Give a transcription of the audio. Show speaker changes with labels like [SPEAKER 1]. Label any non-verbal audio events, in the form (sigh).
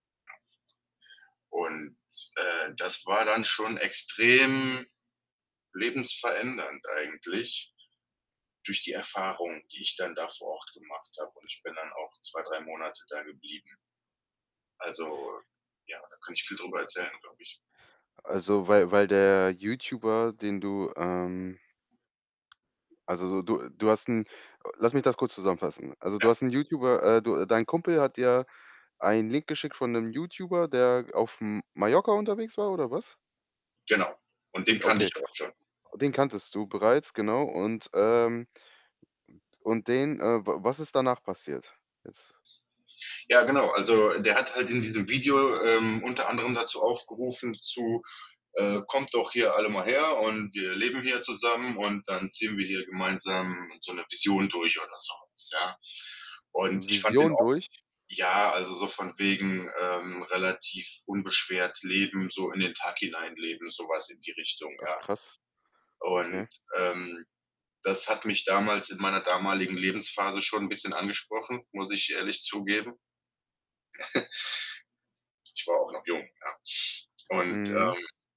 [SPEAKER 1] Und, äh, das war dann schon extrem lebensverändernd eigentlich durch die Erfahrungen, die ich dann da vor Ort gemacht habe. Und ich bin dann auch 2, 3 Monate da geblieben. Also ja, da könnte ich viel drüber erzählen, glaube ich.
[SPEAKER 2] Also, weil weil der Youtuber, den du, ähm also so du du hast 'n Äh, lass mich das kurz zusammenfassen. Also du
[SPEAKER 1] Ja.
[SPEAKER 2] hast 'n Youtuber äh, du dein Kumpel hat dir einen Link geschickt von 'nem Youtuber, der auf M Mallorca unterwegs war oder was?
[SPEAKER 1] Genau. Und den kannte ich
[SPEAKER 2] Okay,
[SPEAKER 1] da auch schon.
[SPEAKER 2] den kanntest du bereits, genau. Und, ähm, u und und den, äh w was ist danach passiert jetzt?
[SPEAKER 1] Ja, genau.
[SPEAKER 2] (unintelligible)
[SPEAKER 1] Also der hat halt in diesem Video, ähm, unter anderem dazu aufgerufen zu, äh „Kommt doch hier alle mal her und wir leben hier zusammen und dann ziehen wir hier gemeinsam so 'ne Vision durch” oder sowas, ja. Und
[SPEAKER 2] (unintelligible)
[SPEAKER 1] ich fand den
[SPEAKER 2] Vision
[SPEAKER 1] auch
[SPEAKER 2] durch?
[SPEAKER 1] Ja, also so von wegen, ähm, relativ unbeschwert leben, so in den Tag hineinleben, so was in die Richtung,
[SPEAKER 2] Ach
[SPEAKER 1] ja.
[SPEAKER 2] krass,
[SPEAKER 1] Und,
[SPEAKER 2] okay.
[SPEAKER 1] ähm, das hat mich damals in meiner damaligen Lebensphase schon 'n bisschen angesprochen, muss ich ehrlich zugeben. (chuckles) Ich war auch noch jung, ja. Und
[SPEAKER 2] Mhm.
[SPEAKER 1] ,ähm